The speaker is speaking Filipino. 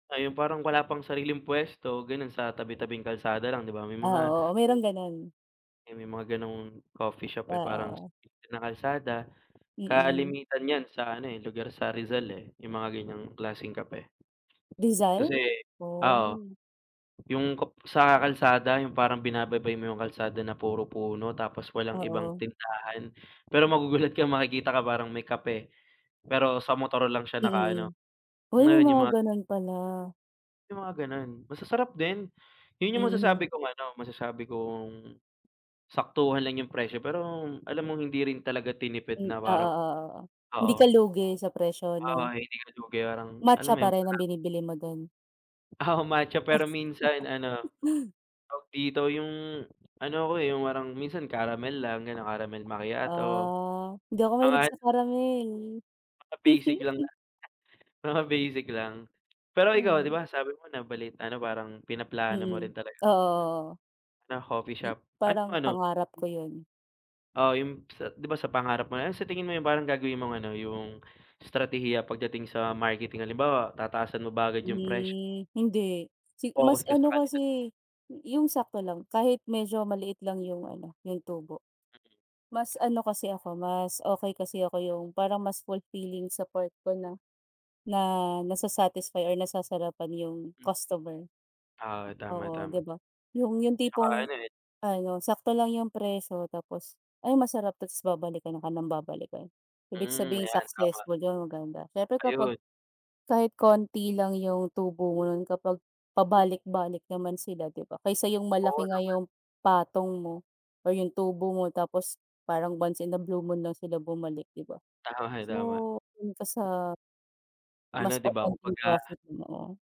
Ay, yung parang wala pang sariling puwesto, ganun, sa tabi-tabing kalsada lang, di ba, may Ah, mga oo, oo merong ganun. Eh may mga gano'ng coffee shop eh parang s Oo. na kalsada Mm. kalimitan nyan sa ano eh, lugar sa Rizal eh, yung mga ganiyang klaseng kape. Kasi, Rizal? ah, oo, Oh. yung kap sa kalsada yung parang binababay mo yung kalsada na puro puno tapos walang ibang Oo. tindahan. Pero magugulat ka makikita ka parang may kape, pero sa motor lang siya Hmm, nakaano, mm. Uy, may meron yung mga mga ganun pala. yung mga gano'n. Masasarap din. Yun yung Mhm. masasabi kong ano, masasabi kong saktuhan lang yung presyo pero alam mong hindi rin talaga M tinipid na parang oo-oo-oo, hindi oo. ka lugi sa presyo, 'no? Uy, hindi ko na 'to babayarang, Matcha alam mo pa yun, rin ang parang binibili mo dun. Oo, matcha. Pero minsan ano, tawag dito, yung, ano ako eh, yung parang minsan caramel lang, ganun, caramel macchiato. Ah, hindi ako Mga mahilig an sa karamel. mga basic lang na mga basic lang. Pero ikaw di Mhm. ba, sabi mo, nabalit ano parang pinaplano mo Mm, rin talaga oo-oo. na coffee M shop. Anong parang ano pangarap ko yun. Oo, yung p sa, di ba, sa pangarap mo, ano sa tingin mo yung parang gagawin mong ano, yung estratehiya, pagdating sa marketing, halimbawa tataasan mo ba agad yung presyo? Hmm, hindi si Focus mas ka sa ano kalidad? kasi, yung sakto lang, kahit medyo maliit lang yung ano, yung tubo. Mas ano kasi ako, mas okey kasi ako yung parang mas fulfilling sa part ko na na nasa-satisfy or nasasarapan yung Hmm. customer. Ah, Oo, tama-tama, di ba, yung yung tsaka tipong ano eh. ano, sakto lang yung presyo tapos, "Ay, masarap 'to," tapos babalikan ka ng babalikan. Ibig Hmm, sabihin ayan, tama. successful yun, maganda. Siyempre kapag Ayun. kahit konti lang yung tubo mo nun kapag pabalik-balik naman sila, di ba? Kaysa yung Oo malaki nga naman. yung patong mo or yung tubo mo tapos parang once in a blue moon lang sila bumalik, di ba? Tama-tama. So, dun ka sa mas Ano, di ba, open yung kumbaga profit mo.